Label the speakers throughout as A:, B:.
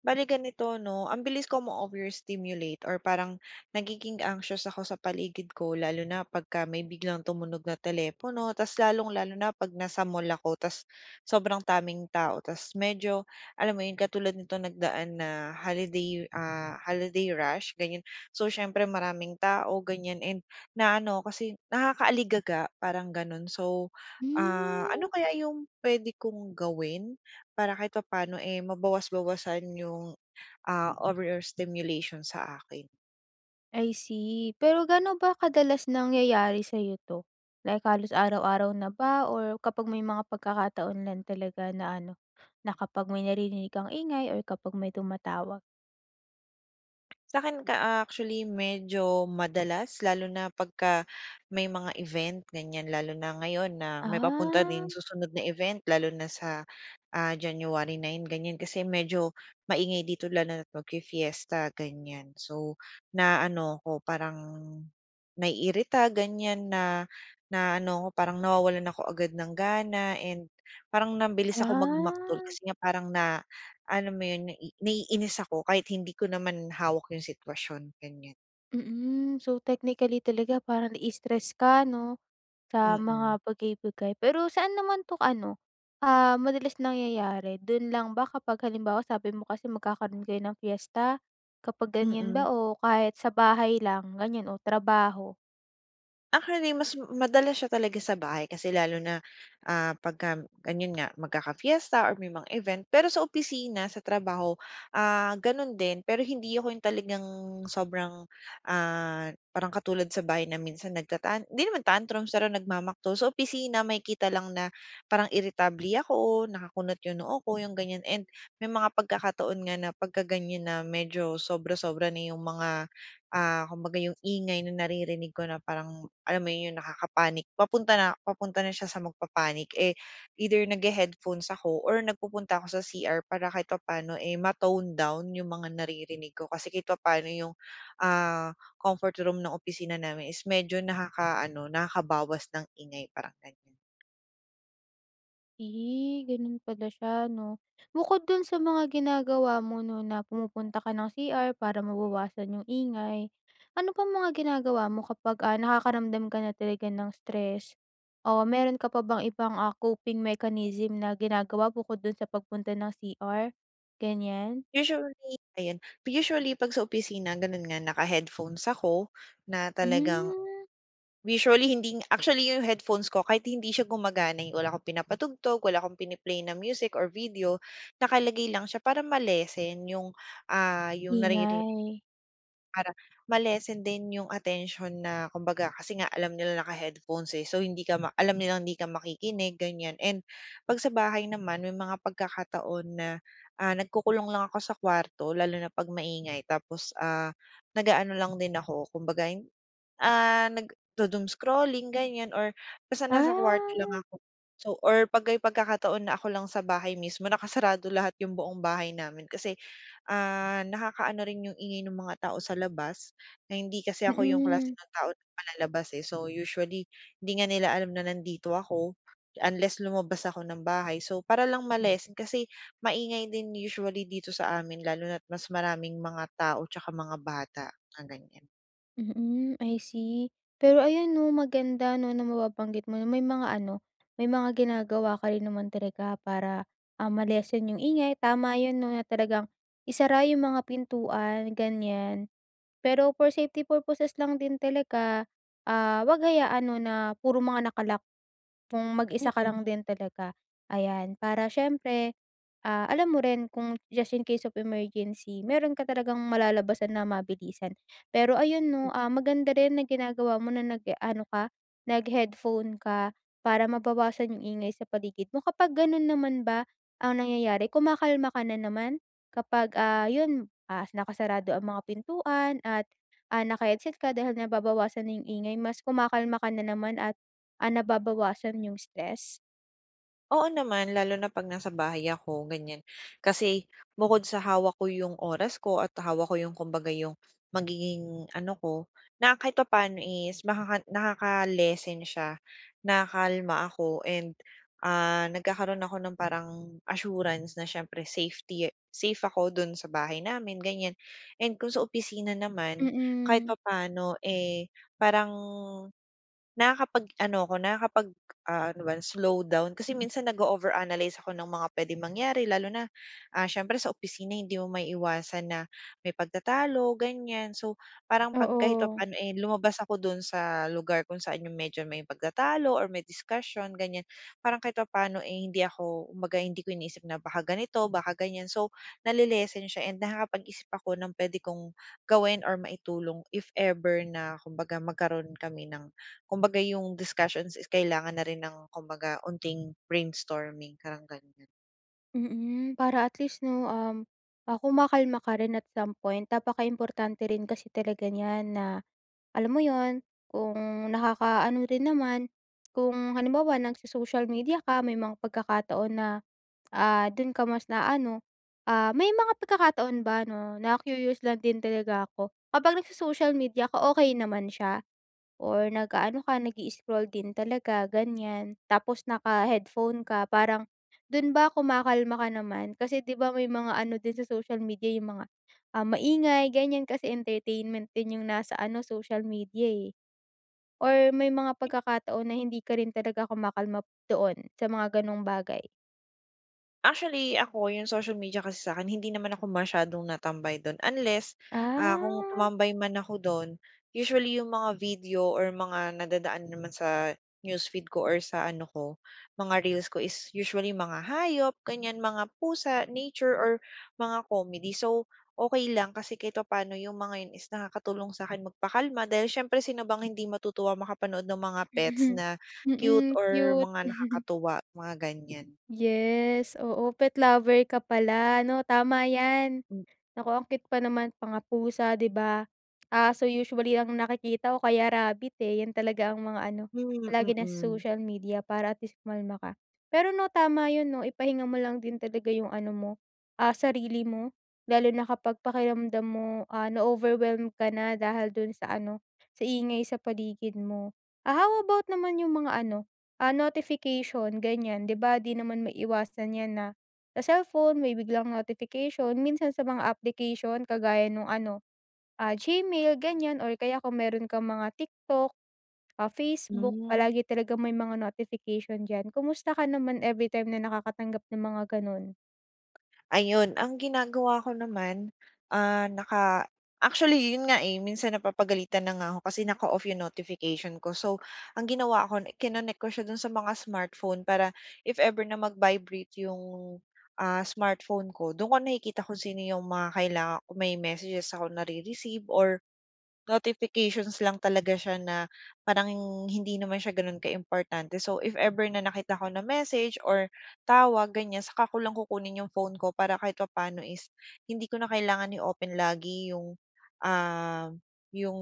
A: Bali ganito 'no, ambilis ko ma-overstimulate or parang nagiging anxious ako sa paligid ko lalo na pagka may biglang tumunog na telepono tapos lalong-lalo na pag nasa mall ako tapos sobrang daming tao tapos medyo alam mo yun katulad nitong nagdaan na holiday, ah, holiday rush ganyan. So, siyempre maraming tao ganyan and naaano kasi nakaka-aligaga parang ganun. So, ah,
B: Hmm.
A: ano kaya yung puwede kong gawin para kahit papano, eh, mabawas-bawasan yung, ah, overstimulation sa akin?
B: I see. Pero ga'no ba kadalas nangyayari sa'yo 'to? Like, halos araw-araw na ba or kapag may mga pagkakataon lang talaga na ano, na kapag may naririnig kang ingay or kapag may tumatawag?
A: Sa'kin ka actually medyo madalas lalo na pagka may mga event ganyan. Lalo na ngayon na may papunta
B: Ah.
A: rin susunod na event lalo na sa, ah, January 9 ganyan kasi medyo maingay dito, lalo na't mag-fi-fiesta ganyan. So, naaano ako, parang naiirita ganyan, na naaano ako parang nawawalan ako agad ng gana and parang mabilis ako mag maktol
B: Ah.
A: kasi nga parang na alam mo yun nai naiinis ako kahit hindi ko naman hawak yung sitwasyon, ganyan.
B: Mm, so technically talaga parang nai-stress ka, 'no, sa
A: Mm.
B: mga bagay-bagay. Pero saan naman 'to ano, ah, madalas nangyayari, do'n lang ba kapag halimbawa sabi mo kasi magkakaroon kayo ng piyesta, kapag ganyan
A: Mm.
B: ba, o kahit sa bahay lang, ganyan, o trabaho?
A: Actually, mas madalas siya talaga sa bahay kasi lalo na, ah, 'pagka gano'n nga magkaka-fiesta or may mga event. Pero sa opisina, sa trabaho, ah, gano'n din, pero hindi ako yung talagang sobrang, ah, parang katulad sa bahay na minsan nagtatan hindi naman tantrums, pero nagmamaktol. Sa opisina, makikita lang na parang iritable ako, nakakunot yung noo ko, yung ganyan, and may mga pagkakataon nga na pagkaganyan na medyo sobra-sobra na yung mga, ah, kumbaga, yung ingay na naririnig ko na parang, alam mo 'yon, yung nakaka-panic, papunta na papunta na siya sa magpa-panic, eh, either naghe-headphones ako or nagpupunta ako sa CR para kahit papa'no, eh, ma-tone down yung mga naririnig ko kasi kahit papa'no yung, ah, comfort room ng opisina namin is medyo nakakaaano, nakakabawas ng ingay, parang ganyan.
B: Eh, gano'n pala siya, 'no? Bukod do'n sa mga ginagawa mo, 'no, na pumupunta ka ng CR para mabawasan yung ingay, ano pang mga ginagawa mo kapag, ah, nakakaramdam ka na talaga ng stress o meron ka pa bang ibang, ah, coping mechanism na ginagawa bukod do'n sa pagpunta ng CR? Ganiyan?
A: Usually, ayan. Usually 'pag sa opisina, gano'n nga naka-headphones ako na talagang
B: Hmm.
A: usually hindi nga actually yung headphones ko kahit hindi siya gumagana eh wala akong pinapatugtog, wala akong pini-play na music or video, nakalagay lang siya para ma-lessen yung, ah, yung nariri
B: Ingay.
A: Para ma-lessen din yung atensyon na, kumbaga, kasi nga alam nila naka-headphones eh. So, hindi ka ma alam nilang hindi ka makikinig, ganiyan. And 'pag sa bahay naman may mga pagkakataon na, ah, nagkukulong lang ako sa kwarto lalo na 'pag maingay. Tapos, ah, nag-aano lang din ako kumbaga ay, ah, nagdo-doom scrolling ganiyan or basta nasa kuwarto lang
B: Ah.
A: ako, so or 'pag may pagkakataon na ako lang sa bahay mismo nakasarado lahat yung buong bahay namin. Kasi, ah, nakakaano rin yung ingay ng mga tao sa labas. Na hindi kasi ako yung klase
B: Mm.
A: ng tao palalabas eh. So, usually di nga nila alam na nandito ako unless lumabas ako ng bahay. So, para lang ma-lessen kasi maingay din usually dito sa amin lalo na't mas maraming mga tao 'tsaka mga bata na nandiyan.
B: Mm, I see pero ayon 'no, maganda 'no, na mababanggit mo na may mga ano, may mga ginagawa ka rin naman talaga para, ah, ma-lessen yung ingay. Tama 'yon 'no, na talagang isara yung mga pintuan ganyan. Pero, for safety purposes lang din talaga, ah, wag hayaan 'no, na puro mga naka-lock kung mag-isa ka
A: Mm.
B: lang din talaga. Ayan, para siyempre, ah, alam mo rin kung just in case of emergency mayro'n ka talagang malalabasan na mabilisan. Pero, ayon 'no,
A: Hmm.
B: ah, maganda rin na ginagawa mo na nag-aano ka naghe-headphone ka para mabawasan yung ingay sa paligid mo. Kapag gano'n naman ba ang nangyayari kumakalma ka na naman kapag, ah, 'yon, ah, nakasarado ang mga pintuan at ah, naka-headset ka dahil nababawasan na yung ingay, mas kumakalma ka na naman at ah, nababawasan yung stress?
A: Oo naman, lalo na pag nasa bahay ako ganyan. Kasi bukod sa hawak ko yung oras ko at hawak ko yung kumbaga yung magiging ano ko, na kahit papaano is makaka nakaka-lessen siya nakakalma ako and, ah, nagkakaroon ako ng parang assurance na siyempre safety, eh, safe ako do'n sa bahay namin, ganyan. And kung sa opisina naman kahit
B: Mm.
A: papaano, eh, parang nakakapag ano 'ko, nakakapag, ah, ano ba yon? Slow down kasi, minsan nag over analyze ako ng mga puwedeng mangyari lalo na, ah, siyempre sa opisina hindi mo maiiwasan na may pagtatalo, ganyan. So, parang pag kahit
B: Oo.
A: papaano, eh, lumabas ako do'n sa lugar kung saan yung medyo may pagtatalo or may discussion ganyan. Parang kahit papaano, eh, hindi ako kumbaga hindi ko iniisip na baka ganito, baka ganyan so, nale-lessen siya and nakakapag-isip ako ng puwede kong gawin or maitulong if ever na kumbaga magkaroon kami ng kumbaga yung discussions is kailangan na rin ng kumbaga unting brainstorming parang ganyan.
B: Mm, para at least no, um, ah, kumakalma ka rin at some point. Napakaimportante rin kasi talaga nyan na alam mo yun, kung nakaka-ano rin naman, kung halimbawa nagso-social media ka may mga pagkakataon na ah, dun ka mas naaano. Ah, may mga pagkakataon ba no na-curious lang din talaga ako, kapag nagso-social media ka okey naman siya? Or nag-aano ka nag-i-scroll din talaga ganyan, tapos naka-headphone ka parang dun ba kumakalma ka naman? Kasi di ba may mga ano din sa social media yung mga ah, maingay ganyan kasi entertainment din yung nasa ano social media eh. Or may mga pagkakataon na hindi ka rin talaga kumakalma doon sa mga ganong bagay?
A: Actually, ako yung social media kasi sakin hindi naman ako masyadong natambay dun unless, ah, kung
B: Ah.
A: tumambay man ako dun usually yung mga video or mga nadadaan naman sa newsfeed ko or sa ano ko mga reels ko is usually mga hayop ganyan mga pusa, nature or mga comedy. So, okey lang kasi kahit papano yung mga yun is nakakatulong sakin magpakalma dahil siyempre sino bang hindi matutuwa makapanood ng mga pets na cute
B: Mm
A: or
B: cute.
A: mga nakakatuwa mga ganyan.
B: Yes oo pet lover ka pala no? Tama yan.
A: Mm.
B: Naku ang cute pa naman mga pusa di ba? Aso usually ang nakikita ko o kaya rabit eh yan talaga ang mga ano,
A: Hmm
B: palagi nasa
A: mm.
B: social media para at least kumalma ka. Pero no, tama yun no, ipahinga mo lang din talaga yung ano mo, ah, sarili mo lalo na kapag pakiramdam mo ah, na-overwhelm ka na dahil dun sa ano, sa ingay sa paligid mo. Ah, how about naman yung mga ano, ah, notification ganyan? Di ba di naman maiwasan yan na sa cellphone may biglang notification. Minsan sa mga application kagaya nung ano, ah, Gmail ganyan or kaya kung meron kang mga TikTok, ah, Facebook.
A: Mm.
B: Palagi talagang may mga notification dyan. Kumusta ka naman everytime na nakakatanggap ng mga ganun?
A: Ayun. Ang ginagawa ko naman, ah, naka actually, yun nga eh. Minsan napapagalitan na nga ako kasi naka-off yung notification ko. So, ang ginawa ko, kinonek ko siya dun sa mga smartphone para if ever na mag-vibrate yung, ah, smartphone ko, dun ko nakikita kung sino yung mga kailangan, kung may messages ako nare-receive or notifications lang talaga siya na parang hindi naman siya gano'n kaimportante. So, if ever na nakita ko na message or tawag, ganiyan, saka ko lang kukunin yung phone ko para kahit papaano is hindi ko na kailangan i-open lagi yung, ah, yung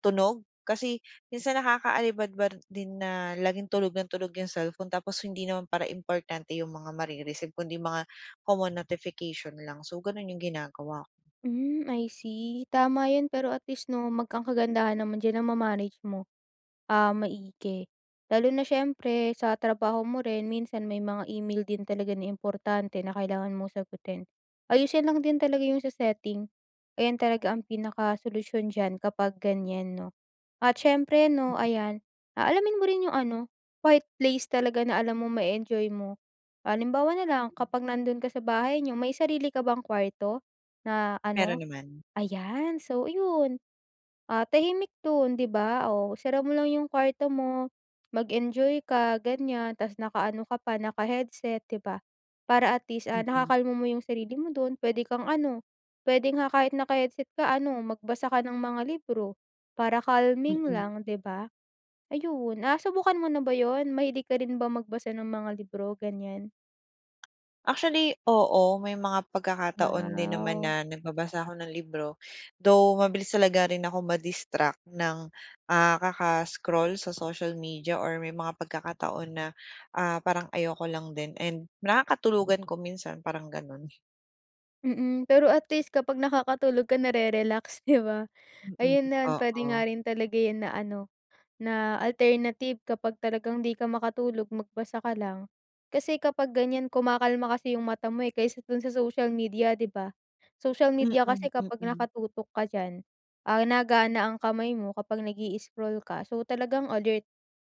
A: tunog kasi minsan nakakaalibadbad din na laging tunog nang tunog yung cellphone tapos hindi naman para importante yung mga mare-receive, kundi mga common notification lang. So, ganun yung ginagawa ko.
B: Hmm, I see. Tama yun pero at least, 'no, mag ang kagandahan naman diyan nama-manage mo, ah, maigi. Lalo na siyempre sa trabaho mo rin, minsan may mga e-mail din talaga na importante na kailangan mong sagutin. Ayusin lang din talaga yung sa setting. Ayan talaga ang pinakasolusyon diyan kapag ganyan, 'no, at siyempre, 'no,
A: Mm.
B: ayan, ah, alamin mo rin yung ano, right place talaga na alam mong ma-e-enjoy mo. Halimbawa na lang
A: Mm.
B: kapag nandun ka sa bahay niyo, may sarili ka bang kuwarto, na ano?
A: Meron naman.
B: Ayan. So, yun, ah, tahimik dun, 'di ba? Oh, isara mo lang yung kuwarto mo, mag-enjoy ka, ganyan, tas nakaano ka pa, naka-headset, 'di ba, para at least, ah,
A: Mm.
B: nakakalma mo yung sarili mo dun, puwede kang, ano, puwede nga kahit naka-headset ka, ano, magbasa ka ng mga libro para calming
A: Mm.
B: lang, 'di ba? Ayun, nasubukan mo na ba 'yon? Mahilig ka rin ba magbasa ng mga libro, ganiyan?
A: Actually oo. May mga pagkakataon din naman
B: Wow.
A: na nagbabasa ako ng libro. Though mabilis talaga rin ako ma-distract ng, ah, kaka-scroll sa social media or may mga pagkakataon na, ah, parang ayoko lang din and nakakatulugan ko minsan parang gano'n.
B: Mm, pero at least kapag nakakatulog ka na-re-relax, 'di ba?
A: Mm,
B: Ayun na puwede nga
A: oo.
B: rin talaga yun na ano na alternative kapag talagang 'di ka makatulog, magbasa ka lang. Kasi kapag ganyan, kumakalma kasi yung mata mo, eh, kaysa dun sa social media, 'di ba? Social
A: Mm,
B: media kasi kapag
A: mm.
B: nakatutok ka diyan, ah, nagana ang kamay mo kapag nag-i-scroll ka. So, talagang alert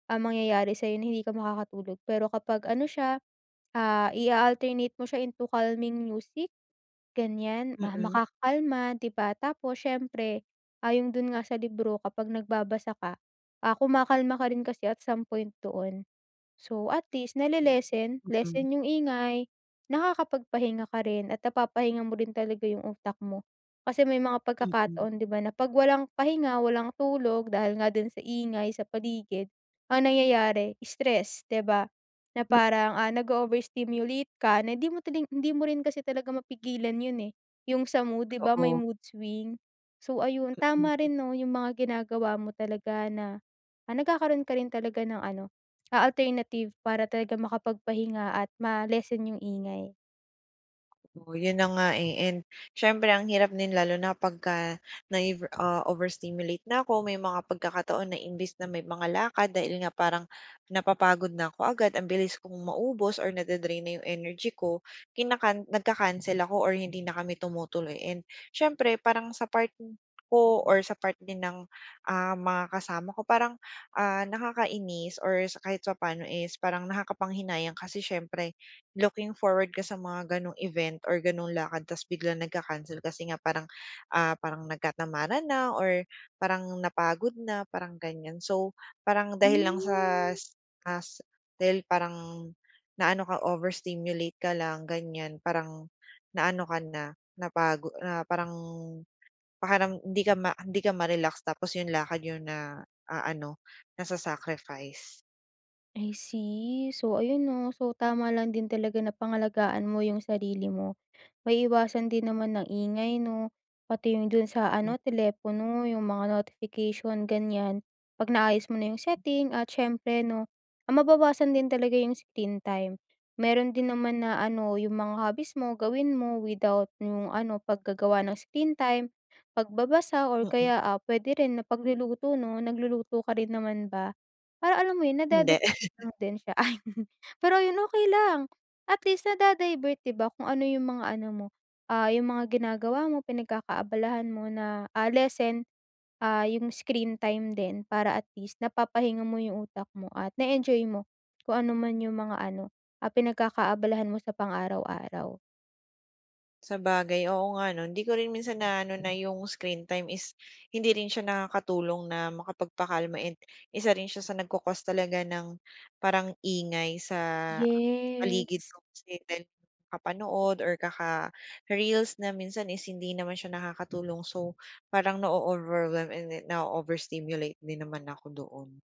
B: ang mangyayari sa'yo na hindi ka makakatulog pero kapag ano siya, ah, i-a-alternate mo siya into calming music, ganyan, ma
A: Mm.
B: makakakalma, 'di ba? Tapos siyempre ayon dun nga sa libro kapag nagbabasa ka, ah, kumakalma ka rin kasi at some point doon. So, at least na-le-lessen,
A: Mm.
B: lessen yung ingay, nakakapagpahinga ka rin at napapahinga mo rin talaga yung utak mo. Kasi may mga
A: Mm.
B: pagkakataon 'di ba, na 'pag walang pahinga, walang tulog dahil nga din sa ingay sa paligid, ang nangyayari stress, 'di ba? Na
A: Hmm.
B: parang, ah, nag-o-overstimulate ka na hindi mo tining hindi mo rin kasi talaga mapigilan yun, eh, yung sa mood, 'di ba, may
A: Oo.
B: mood swing? So, ayun tama
A: Mm.
B: rin 'no yung mga ginagawa mo talaga na, ah, nagkakaroon ka rin talaga ng ano, ah, alternative para talaga makapagpahinga at ma-lessen yung ingay.
A: O, yun na nga eh, and siyempre, ang hirap din lalo na pagka na-eve, ah, na-over stimulate na ako, may mga pagkakataon na imbes na may mga lakad dahil nga parang napapagod na ako agad, ang bilis kong maubos or nade-drain na yung energy ko, kina-can nagka-cancel ako or hindi na kami tumutuloy and siyempre, parang sa part ko or sa part din ng, ah, mga kasama ko, parang, ah, nakakainis or sa kahit papaano is parang nakakapanghinayang kasi siyempre, looking forward ka sa mga gano'ng event or gano'ng lakad ta's biglang nagka-cancel kasi nga parang, ah, parang nagkatamaran na or parang napagod na, parang ganiyan. So, parang dahil lang sa
B: Hmm.
A: as as dahil parang naano ka, over stimulate ka lang, ganiyan, parang naano ka na, napago na parang parang hindi ka ma hindi ka ma-relax tapos yung lakad niyo na aano, nasa-sacrifice.
B: I see. So, ayun, 'no? So, tama lang din talaga na pangalagaan mo yung sarili mo. Maiiwasan din naman ang ingay, 'no, pati yung dun sa
A: Hmm.
B: ano, telepono yung mga notification, ganiyan, 'pag naayos mo na yung setting at siyempre, 'no, ah, mababawasan din talaga yung screen time. Meron din naman na, ano, yung mga hobbies mo gawin mo, without yung ano, paggagawa ng screen time, pagbabasa or
A: Mm.
B: kaya, ah, puwede rin na pagluluto, 'no? Nagluluto ka rin naman ba? Para alam mo yun,
A: Hindi.
B: nada-divert natin siya. Ayun. Pero ayun, okey lang, at least, nada-divert, 'di ba, kung ano yung mga ano mo, ah, yung mga ginagawa mo, pinagkakaabalahan mo na, ah, lessen, ah, yung screen time din para at least, napapahinga mo yung utak mo at na-e-enjoy mo kung ano man yung mga ano, ah, pinagkakaabalahan mo sa pang-araw-araw.
A: Sabagay. Oo nga 'no, hindi ko rin minsan naaano na yung screentime is hindi rin siya nakakatulong na makapagpakalma and isa rin siya sa nag-cau-cause talaga ng parang ingay sa paligid
B: Yes.
A: ko kasi dahil kakapanood or kaka-reels na minsan is hindi naman siya nakakatulong. So, parang na-o-overwhelm and then na-o-overstimulate din naman ako doon.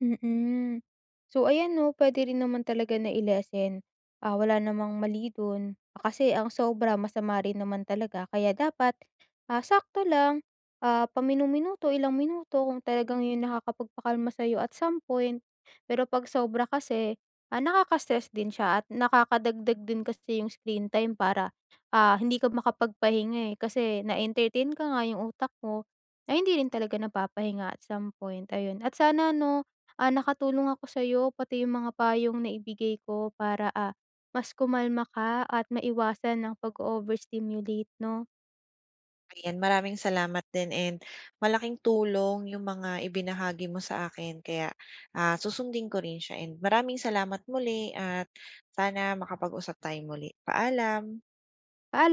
B: Mm. So, ayan 'no pwede rin naman talaga na-i-lessen, ah, wala namang mali do'n ah, kasi ang sobra masama rin naman talaga kaya dapat, ah, sakto lang, ah, paminu-minuto, ilang minuto kung talagang yon nakakapagpakalma sa'yo at some point. Pero pag sobra kasi, ah, nakaka-stress din siya at nakakadagdag din kasi yung screentime para, ah, hindi ka makapagpahinga, eh, kasi na-entertain ka nga, yung utak mo ay hindi rin talaga napapahinga at some point, ayon. At sana 'no, ah, nakatulong ako sa'yo pati yung mga payong naibigay ko para, ah, mas kumalma ka at maiwasan ang pag-o-overstimulate 'no.
A: Ayan, maraming salamat din and malaking tulong yung mga ibinahagi mo sa akin kaya, ah, susundin ko rin siya and maraming salamat muli at sana makapag-usap tayong muli. Paalam.
B: Paala